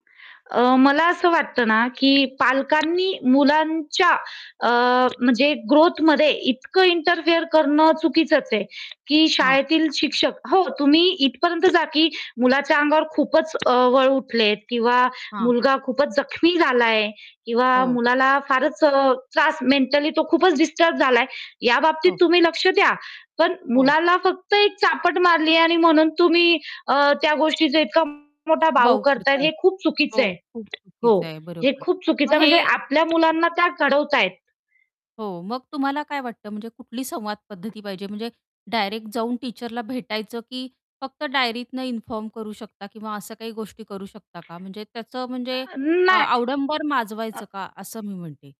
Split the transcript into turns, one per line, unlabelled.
अ, मला असं वाटत ना, की पालकांनी मुलांच्या अ, म्हणजे ग्रोथमध्ये इतकं इंटरफिअर करणं चुकीचंच आहे, की
हां.
शाळेतील शिक्षक हो, तुम्ही इथपर्यंत जा, की मुलाच्या अंगावर खूपच अ, वळ उठलेत किंवा
हां.
मुलगा खूपच जखमी झाला आहे किंवा
हो.
मुलाला फारच अ, त्रास मेंटली तो खूपच डिस्टर्ब झालाय. या बाबतीत
हो.
तुम्ही लक्ष द्या. पण
हो.
मुलाला फक्त एक चापट मारली आहे आणि म्हणून तुम्ही अ, त्या गोष्टीचा इतका मोठा बाऊ
बाऊ
करताय
करतात.
हे खूप चुकीचं
हो,
आहे.
खूप
हो,
चुकीचं आहे,
हे
बरोबर.
खूप चुकीचं
मग
आहे.
हे
म्हणजे
हं.
आपल्या मुलांना त्या घडवत आहेत.
हो, मग तुम्हाला काय वाटतं, म्हणजे कुठली संवाद पद्धती पाहिजे? म्हणजे डायरेक्ट जाऊन टीचरला भेटायचं, की फक्त डायरीतनं इन्फॉर्म करू शकता किंवा अशा काही गोष्टी करू शकता का? म्हणजे त्याचं म्हणजे
अ,
अ,
नाही
आडंबर
अ
माजवायचं का? असं मी म्हणते.